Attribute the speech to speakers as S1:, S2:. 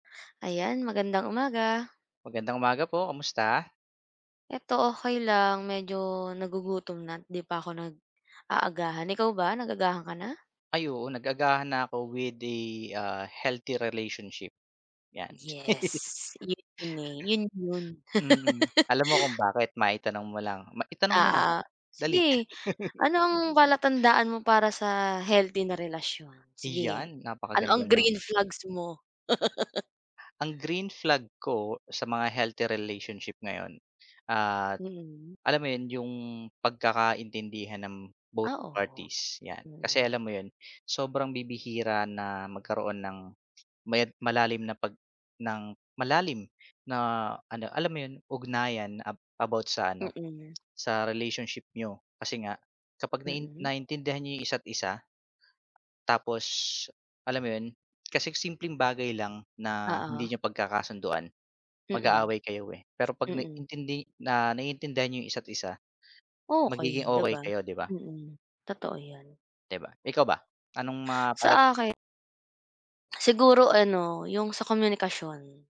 S1: Ayan, magandang umaga.
S2: Magandang umaga po. Kamusta?
S1: 'Eto okey lang. Medyo nagugutom na't di pa ako nag-aagahan. Ikaw ba nag-agahan ka na?
S2: Ay oo, nag-agahan na ako with the, ah, healthy relationship, 'yan.
S1: Yes. Yun 'yon, eh. Yun 'yon.
S2: Mm. Alam mo kung bakit? Maitanong mo lang. Ma itanong mo na,
S1: Ah, ah.
S2: dali.
S1: Sige. Ano ang palatandaan mo para sa healthy na relasyon. Sige,
S2: Iyan.
S1: ano
S2: Napakaganda
S1: ang
S2: ng
S1: green flags mo?
S2: Ang green flag ko sa mga healthy relationship ngayon at
S1: Mm.
S2: alam mo yun, yung pagkakaintindihan ng both
S1: Ah, oh.
S2: parties, 'yan. Kasi
S1: Mm.
S2: alam mo yun, sobrang bibihira na magkaroon ng maya malalim na pag ng malalim na ano, alam mo yun, ugnayan ab about sa ano,
S1: Mm.
S2: sa relationship niyo. Kasi nga kapag nain
S1: Mm.
S2: naintindihan niyo yung isa't isa tapos, alam mo yun? Kasi simpleng bagay lang na hindi
S1: Oo.
S2: niyo pagkakasunduan,
S1: Mm.
S2: mag-aaway kayo, eh. Pero 'pag
S1: Mm.
S2: naintindi na naiintindihan niyo yung yung isa't isa, magiging
S1: Okey, di
S2: okey
S1: ba?
S2: kayo, di ba?
S1: Mm, totoo 'yan.
S2: Di ba? Ikaw ba? Anong ma palat
S1: Sa akin siguro ano, yung sa komunikasyon.